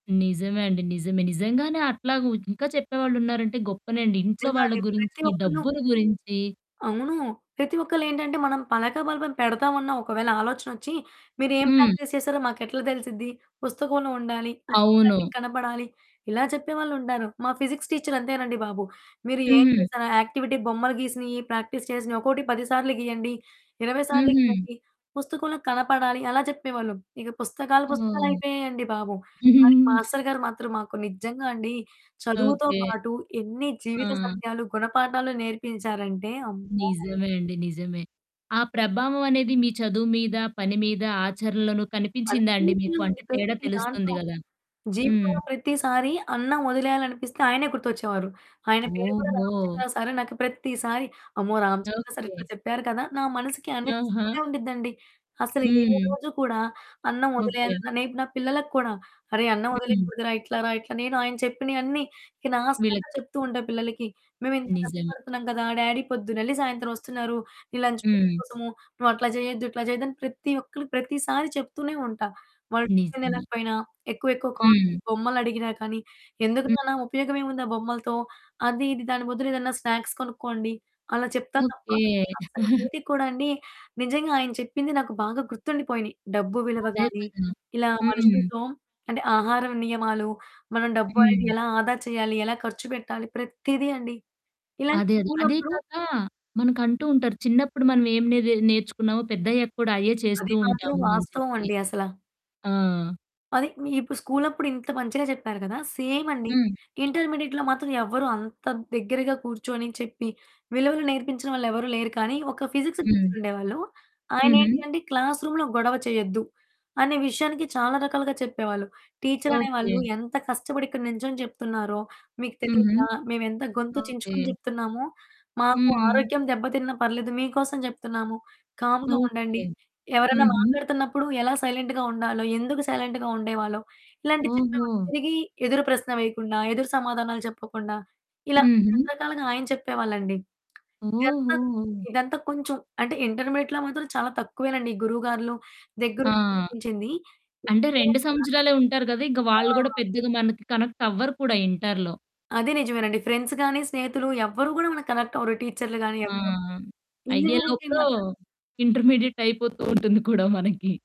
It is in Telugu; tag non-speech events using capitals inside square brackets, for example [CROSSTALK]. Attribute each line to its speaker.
Speaker 1: నిజమే అండి. నిజమే. నిజంగానే అట్లాగా ఉ ఇంక చెప్పేవాళ్ళున్నారంటే గొప్పనే అండి ఇంట్లో
Speaker 2: నిజంగా
Speaker 1: వాళ్ళ
Speaker 2: అండి.
Speaker 1: గురించి,
Speaker 2: ప్రతి ఒక్కళ్ళు
Speaker 1: డబ్బుల గురించి
Speaker 2: అవును. ప్రతి ఒక్కళ్ళేంటంటే మనం పలక, బల్బం పెడతామన్న ఒకవేళ ఆలోచనొచ్చి, మీరేం
Speaker 1: హ్మ్.
Speaker 2: ప్రాక్టీస్ చేసారో మాకెట్లా తెలుసిద్ది? పుస్తకంలో ఉండాలి, కంటి కంటికి
Speaker 1: అవును.
Speaker 2: కనపడాలి ఇలా చెప్పేవాళ్ళు ఉంటారు. మా ఫిజిక్స్ టీచర్ అంతేనండి బాబు! "మీరేం
Speaker 1: హ్మ్.
Speaker 2: చేసారు యాక్టివిటీ బొమ్మలు గీసినయి, ప్రాక్టీస్ చేసినయి ఒక్కోటి 10 సార్లు గీయండి, 20 సార్లు
Speaker 1: హుహు.
Speaker 2: ఇవ్వండి, పుస్తకంలో కనపడాలి" అలా చెప్పేవాళ్ళు. ఇగ పుస్తకాలు
Speaker 1: ఓహ్!
Speaker 2: పుస్తకాలైపోయాయండి బాబు! కాని,
Speaker 1: [GIGGLES]
Speaker 2: మాస్టర్ గారు మాత్రం మాకు నిజంగా అండి చదువుతో
Speaker 1: ఓకే.
Speaker 2: పాటు ఎన్ని
Speaker 1: ఆ!
Speaker 2: జీవిత సత్యాలు, గుణపాఠాలు, నేర్పించారంటే అమ్మో!
Speaker 1: నిజమే అండి. నిజమే. ఆ ప్రభావం అనేది మీ చదువు మీద, పని మీద ఆచరణలోను కనిపించిందా అండి? మీకు
Speaker 2: అన్నిటిలో అండి.
Speaker 1: అంటే తేడా
Speaker 2: ప్రతి
Speaker 1: తెలుస్తుంది
Speaker 2: దాంట్లో.
Speaker 1: గదా! హ్మ్.
Speaker 2: జీవితంలో ప్రతిసారి అన్నం వదిలేయాలనిపిస్తే ఆయనే గుర్తొచ్చేవారు. ఆయన పేరు కూడా
Speaker 1: ఓహో!
Speaker 2: రామచంద్ర సారు. నాకు ప్రతిసారి అమ్మో! Ramachandra sir
Speaker 1: okay.
Speaker 2: ఇట్లా చెప్పారు కదా! నా మనసుకి
Speaker 1: ఆహా!
Speaker 2: అనిపిస్తూనే ఉండిద్దండి. అసలు ఏ
Speaker 1: హ్మ్.
Speaker 2: రోజు కూడా అన్నం
Speaker 1: ఓకే.
Speaker 2: వదిలేయాలన్న రేపు నా పిల్లలకి కూడా, అరె! అన్నం
Speaker 1: హ్మ్.
Speaker 2: వదిలేయకూడదురా! ఇట్లా రా ఇట్లా నేను ఆయన చెప్పినయన్నీ ఇక లాస్ట్ దాకా
Speaker 1: వీళ్ళకి
Speaker 2: చెప్తు
Speaker 1: చెప్తు.
Speaker 2: ఉంటా పిల్లలకి. మేమింత
Speaker 1: నిజమే.
Speaker 2: కష్టపడుతున్నాం కదా! డ్యాడీ పొద్దునెళ్లి సాయంత్రం వస్తున్నారు. నీ లంచ్ బాక్స్
Speaker 1: హ్మ్.
Speaker 2: కోసమూ నువ్వట్లా చేయొద్దు, ఇట్లా చెయ్యద్దు అని ప్రతి ఒక్కళ్ళికి ప్రతిసారి చెప్తూనే ఉంటా. వాళ్ళు టిఫిన్
Speaker 1: నిజమే.
Speaker 2: తినకపోయినా, ఎక్కువ ఎక్కువ కాస్ట్‌లీ
Speaker 1: హ్మ్.
Speaker 2: బొమ్మలడిగిన కానీ, ఎందుకు
Speaker 1: హ్మ్.
Speaker 2: నాన్న? ఉపయోగం ఏముంది ఆ బొమ్మలతో అది, ఇది దాని బదులేదైనా స్నాక్స్ కొనుక్కోండి. అలా చెప్తా తప్ప
Speaker 1: ఓకే. [GIGGLES]
Speaker 2: అస్సలేది కూడా అండి, నిజంగా! ఆయన చెప్పింది నాకు బాగా గుర్తుండిపోయినాయి. డబ్బు విలువ
Speaker 1: అదే
Speaker 2: గానీ,
Speaker 1: కదా!
Speaker 2: ఇలా
Speaker 1: హ్మ్.
Speaker 2: మనుషులతో అంటే ఆహారం నియమాలు, మనం డబ్బు అనేది
Speaker 1: హ్మ్.
Speaker 2: ఎలా ఆదా చేయాలి, ఎలా ఖర్చు పెట్టాలి ప్రతిది అండి. ఇలాంగే
Speaker 1: అదే అదే. అదే
Speaker 2: స్కూలప్పుడు
Speaker 1: కాక మనకంటూ ఉంటారు చిన్నప్పుడు మనం ఏం నేది నేర్చుకున్నామో పెద్దయ్యాక కూడా అయ్యే చేస్తూ
Speaker 2: అది మాత్రం
Speaker 1: ఉంటాము అని
Speaker 2: వాస్తవం
Speaker 1: చెప్పి.
Speaker 2: అండి అసల.
Speaker 1: ఆ!
Speaker 2: అదే మీ ఇప్పుడు స్కూలు అప్పుడు ఇంత మంచిగా చెప్పారు కదా! సేమ్ అండి
Speaker 1: హ్మ్.
Speaker 2: ఇంటర్మీడియేట్‌లో మాత్రం ఎవరు అంత దగ్గరగా కూర్చొని, చెప్పి, విలువలు నేర్పించిన వాళ్ళెవరు లేరు. కానీ, ఒక ఫిజిక్సు
Speaker 1: హ్మ్.
Speaker 2: టీచరుండేవాళ్ళు ఆయనేంటి
Speaker 1: హుహు.
Speaker 2: అంటే క్లాస్ రూమ్‌లో గొడవ చేయొద్దు, అనే విషయానికి చాలా రకాలుగా చెప్పేవాళ్ళు. టీచరనే వాళ్ళు
Speaker 1: ఓకే.
Speaker 2: ఎంత కష్టపడి ఇక్కడ నించొని చెప్తున్నారో! మీకు
Speaker 1: హుహు.
Speaker 2: తెలీదా? మేమెంత గొంతు
Speaker 1: ఓకే.
Speaker 2: చించుకొని చెప్తున్నాము, మాకు
Speaker 1: హుహు.
Speaker 2: ఆరోగ్యం దెబ్బతిన్న పర్లేదు మీకోసం చెప్తున్నాము. కామ్‌గా ఉండండి.
Speaker 1: ఓకే.
Speaker 2: ఎవరైనా
Speaker 1: హుహు.
Speaker 2: మాట్లాడుతున్నప్పుడు ఎలా సైలెంట్‌గా ఉండాలో ఎందుకు సైలెంట్‌గా ఉండేవాళ్ళో, ఇలాంటివి చెప్పేవాళ్ళు.
Speaker 1: ఓహో!
Speaker 2: తిరిగి ఎదురు ప్రశ్న వేయకుండా, ఎదురు సమాధానాలు చెప్పకుండా ఇలా
Speaker 1: హుహు.
Speaker 2: రకరకాలుగా ఆయన చెప్పేవాళ్ళండి. ఇదంతా
Speaker 1: ఓహో!
Speaker 2: ఇదంతా కొంచెం అంటే ఇంటర్మీడియేట్‌లో మాత్రం చాలా తక్కువేనండి గురువు గార్లు
Speaker 1: ఆ!
Speaker 2: దగ్గరుండి నేర్పించింది.
Speaker 1: అంటే 2
Speaker 2: ఇంజినీరింగ్‌కెళ్లాక
Speaker 1: సంవత్సరాలే ఉంటారు కదా! ఇక
Speaker 2: మాత్రం
Speaker 1: వాళ్ళు కూడా
Speaker 2: ఆ!
Speaker 1: పెద్దగా మనకి కనెక్ట్ అవ్వరు కూడా ఇంట‌రులో.
Speaker 2: అది నిజమేనండి. ఫ్రెండ్స్ గానీ, స్నేహితులు, ఎవరు కూడా మనకి కనెక్ట్ అవ్వరు టీచర్లు గానీ,
Speaker 1: ఆ!
Speaker 2: ఎవ్వరూ. ఇంజినీరింగ్‌కి
Speaker 1: అయ్యేలోపులో
Speaker 2: మాత్రం
Speaker 1: ఇంటర్మీడియేట్ అయిపోతూ ఉంటుంది కూడా మనకి.